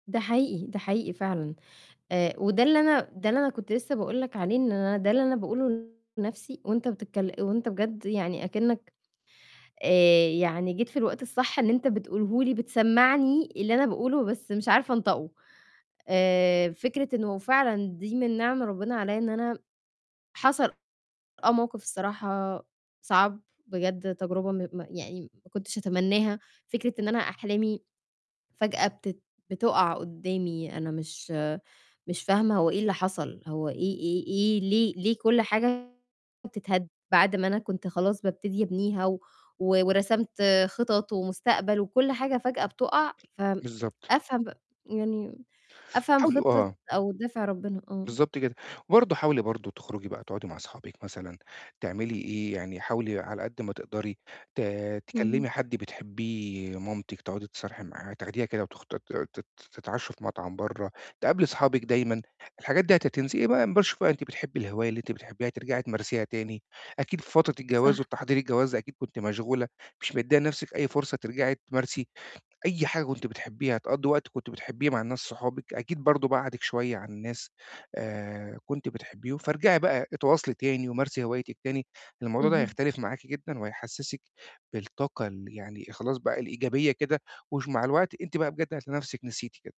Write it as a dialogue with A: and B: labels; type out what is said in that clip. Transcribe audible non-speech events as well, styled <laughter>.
A: ده حقيقي، ده حقيقي فعلًا. آآ، وده اللي أنا ده اللي أنا كنت لسّه باقول لك عليه إن أنا ده اللي أنا باقوله لنَفْسي وأنت بتتكل وأنت بجد يعني أكِنَّك آآ، يعني جيت في الوقت الصح إن أنت بتقوله لي بتسمعني اللي أنا باقوله بس مش عارفة أنطقه. آآ، فكرة إنه وفعلًا دي من نِعَم ربِّنا علي إن أنا حصل آه، موقِف الصراحة صعب بجد تجربة م م يعني ما كنتش أتمناها. فكرة إن أنا أحلامي فجأة بتت بتُقع قُدّامي أنا مش مش فاهمة هو إيه اللي حصل؟ هو إيه إيه إيه ليه ليه كل حاجة بتتهد بعد ما أنا كنت خلاص بابتدي أبنيها و ورسمت خِطَط ومستقبل وكل حاجة فجأة بتُقع؟ ف
B: بالضبط.
A: أفهم يعني أفهم
B: حاولي
A: خِطّة
B: آه.
A: أو دافع ربِّنا آه.
B: بالضبط كده. وبرضه حاولي برضه تخرُجي بقى تقعُدي مع صحابِك مثلًا تعملي إيه، يعني حاولي على قد ما تقدري ت
A: اهم.
B: تكلِّمي حد بتحبّيه، مامتِك تقعُدي تتصارحي معاها، تاخديها كده وتخ ت ت ت تتعشّوا في مطعم برّه، تقابلي أصحابِك دايمًا. الحاجات دي هت تنسي. <unintelligible> أنتِ بتحبّي الهواية اللي أنتِ بتحبّيها ترجعي تمارسيها تاني. أكيد في فترة الجواز
A: صح.
B: والتحضير الجواز أكيد كنتِ مشغولة. مش مِدِّية لنَفْسِك أي فرصة ترجعي تمارسي أي حاجة كنتِ بتحبّيها، تقضّي وقت كنتِ بتحبّيه مع الناس صحابِك، أكيد برضه بعَدِك شوية عن الناس آآ، كنتِ بتحبيهم. فارجعي بقى اتواصلي تاني ومارسي هوايتِك تاني. الموضوع ده
A: اهم.
B: هيختلف معاكِ جدًا وهيحسِّسك بالطاقة ال يعني خلاص بقى الإيجابية كده وش مع الوقت أنتِ بقى بجد هتلاقي نَفْسِك نسيتِ كده.